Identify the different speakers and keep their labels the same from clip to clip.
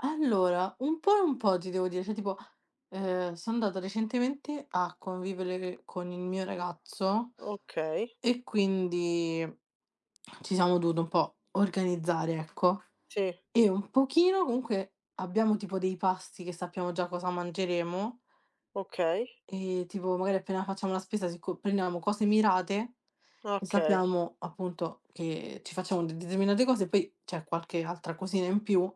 Speaker 1: Allora, un po' e un po' ti devo dire, cioè tipo, uhm, sono andato recentemente a convivere con il mio ragazzo,
Speaker 2: Okay.
Speaker 1: e quindi ci siamo dovuti un po' organizzare, ecco.
Speaker 2: Sì.
Speaker 1: E un pochino, comunque, abbiamo tipo dei pasti, che sappiamo già cosa mangeremo.
Speaker 2: Okay.
Speaker 1: E tipo magari appena facciamo la spesa se co prendiamo cose mirate, e
Speaker 2: Okay.
Speaker 1: sappiamo appunto che ci facciamo determinate cose. Poi c'è qualche altra cosina in più,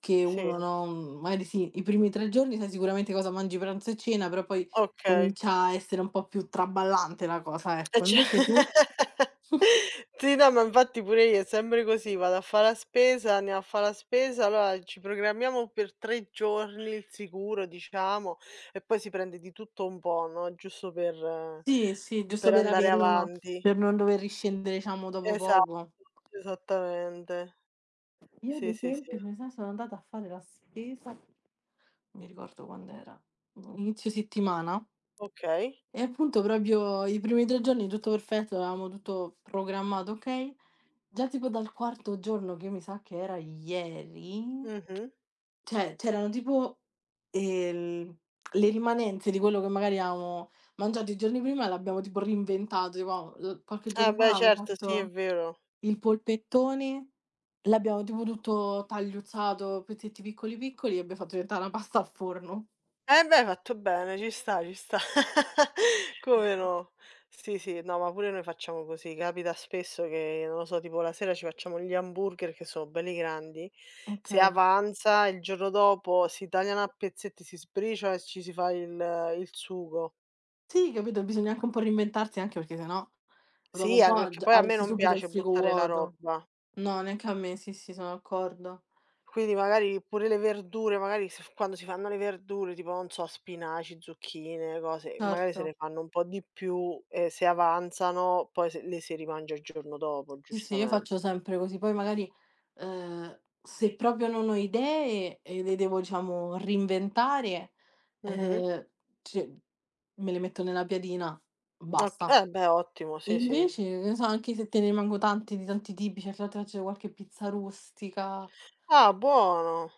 Speaker 1: che
Speaker 2: Sì.
Speaker 1: uno, no, magari sì, i primi 3 giorni sai sicuramente cosa mangi pranzo e cena, però poi
Speaker 2: Okay.
Speaker 1: comincia a essere un po' più traballante la cosa,
Speaker 2: E
Speaker 1: ecco.
Speaker 2: ce
Speaker 1: Invece tu?
Speaker 2: Sì, no ma infatti pure io è sempre così, vado a fa' la spesa, andiamo a fa' la spesa, allora ci programmiamo per 3 giorni il sicuro diciamo e poi si prende di tutto un po', no, giusto per
Speaker 1: Sì, sì, giusto
Speaker 2: per
Speaker 1: per
Speaker 2: andare
Speaker 1: averlo, no,
Speaker 2: avanti.
Speaker 1: per non dover riscendere diciamo dopo
Speaker 2: Esatto,
Speaker 1: poco.
Speaker 2: esattamente.
Speaker 1: Io ad
Speaker 2: Sì, sì, sì.
Speaker 1: esempio, come sai, sono andata a fare la spesa, non mi ricordo quand'era, boh, a inizio settimana...
Speaker 2: Okay.
Speaker 1: e appunto proprio i primi 3 giorni tutto perfetto, avevamo tutto programmato okay, già tipo dal quarto giorno che io mi sa che era ieri,
Speaker 2: Mh-mh.
Speaker 1: cioè c'erano tipo, ehm, le rimanenze di quello che magari avevamo mangiato il giorno prima, e l'abbiamo tipo reinventato. [unintelligible] qualche
Speaker 2: Ah
Speaker 1: giorno fa
Speaker 2: beh
Speaker 1: abbiamo
Speaker 2: certo, sì, è
Speaker 1: fatto
Speaker 2: vero.
Speaker 1: il polpettone, l'abbiamo tipo tutto tagliuzzato, pezzetti piccoli, piccoli, e abbiamo fatto diventare una pasta al forno.
Speaker 2: E beh! Hai fatto bene, ci sta, ci sta. Come no? Sì, sì, no, ma pure noi facciamo così. Capita spesso che non lo so, tipo la sera ci facciamo gli hamburger che sono belli grandi, se
Speaker 1: Okay.
Speaker 2: avanza, il giorno dopo si tagliano a pezzetti, si sbriciola e ci si fa il il sugo.
Speaker 1: Sì, capito? Bisogna anche un po' reinventarsi anche perché se no, dopo
Speaker 2: Sì,
Speaker 1: un
Speaker 2: anche
Speaker 1: po'
Speaker 2: perché
Speaker 1: g
Speaker 2: poi a me
Speaker 1: avresti
Speaker 2: non
Speaker 1: subito il
Speaker 2: piace
Speaker 1: frigo
Speaker 2: buttare la
Speaker 1: vuoto.
Speaker 2: roba.
Speaker 1: No, neanche a me, sì, sì, sono d'accordo.
Speaker 2: Quindi magari pure le verdure, magari s quando si fanno le verdure, tipo non so spinaci, zucchine, cose magari se ne
Speaker 1: Certo.
Speaker 2: fanno un po' di più, e se avanzano poi s le si rimangia il giorno dopo
Speaker 1: Sì, sì, io
Speaker 2: giustament
Speaker 1: faccio sempre così. Poi magari, ehm, se proprio non ho idee, e le devo diciamo reinventare,
Speaker 2: Mh-mh.
Speaker 1: uhm, c me le metto nella piadina,
Speaker 2: Ok
Speaker 1: basta.
Speaker 2: eh beh, ottimo, sì, sì.
Speaker 1: Invece, [unintelligible] anche se te ne rimango tanti di tanti tipi, cioè [unintelligible] qualche pizza rustica.
Speaker 2: Ah, buono.